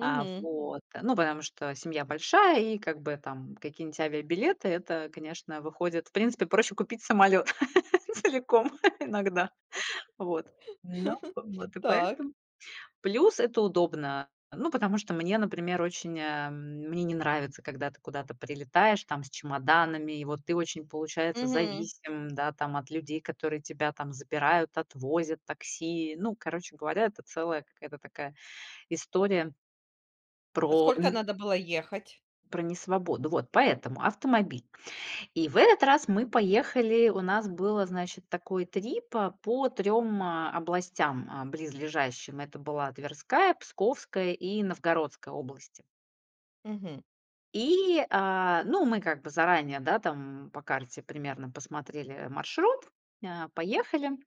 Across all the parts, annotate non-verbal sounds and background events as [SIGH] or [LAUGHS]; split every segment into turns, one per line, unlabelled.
А, вот, э, ну потому что семья большая, и как бы там какие-нибудь авиабилеты это, конечно, выходит в принципе проще купить самолёт целиком иногда. Вот, ну
[LAUGHS]
в вот и
Так.
поэтому. Плюс это удобно. Ну потому что мне, например, очень, э, мне не нравится, когда ты куда-то прилетаешь там с чемоданами. И вот ты очень, получается,
Мгм.
зависим, да, там от людей, которые тебя там забирают, отвозят, такси. Ну короче говоря, это целая какая-то такая история
А
Про
сколько
ни
надо было ехать?
Про несвободу. Вот поэтому автомобиль. И в этот раз мы поехали. У нас было, значит, такой трип, а, по 3, а, областям, а, близлежащим. Это была Тверская, Псковская и Новгородская области.
Мгм.
И, э, мы ну как бы заранее, да, там по карте примерно посмотрели маршрут, э, поехали.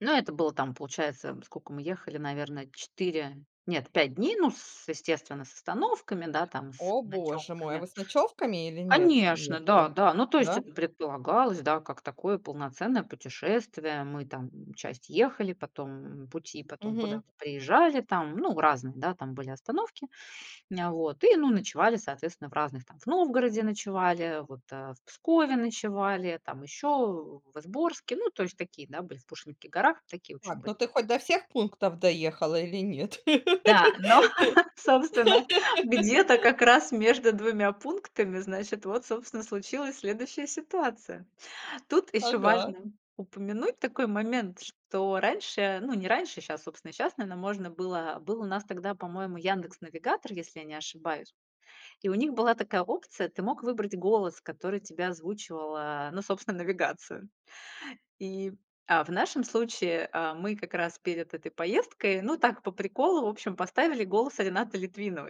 Ну это было там, получается, сколько мы ехали, наверно, 4, нет, 5 дней, ну с естественно, с остановками, да, там с
О боже мой, а
ночевками.
вы с ночевками или нет
Конечно, да,
ехали?
да. Ну то есть
Да?
это предполагалось, да, как такое полноценное путешествие. Мы там, м, часть ехали, потом пути, потом
Мгм.
куда-то приезжали там. Ну разные, да, там были остановки. М, вот. И ну ночевали, соответственно, в разных там В Новгороде ночевали, вот, э, в Пскове ночевали, там ещё в Изборске. Ну то есть такие, да, были в Пушкинских горах. Такие в общем
Так,
были.
ну ты хоть до всех пунктов доехала или нет?
Да, но, собственно, где-то
[LAUGHS]
как раз между 2 пунктами, значит, вот, собственно, и случилась следующая ситуация. Тут ещё
Ага.
важно упомянуть такой момент, что раньше, ну не раньше, щас, собственно, и щас, наверно, можно было, э, был у нас тогда, по-моему, "Яндекс Навигатор", если я не ошибаюсь, и у них была такая опция, ты мог выбрать голос, который тебе озвучивал, э, ну собственно, навигацию. И, а в нашем случае, э, мы как раз перед этой поездкой, ну так по приколу, в общем, поставили голос Ренаты Литвиновой.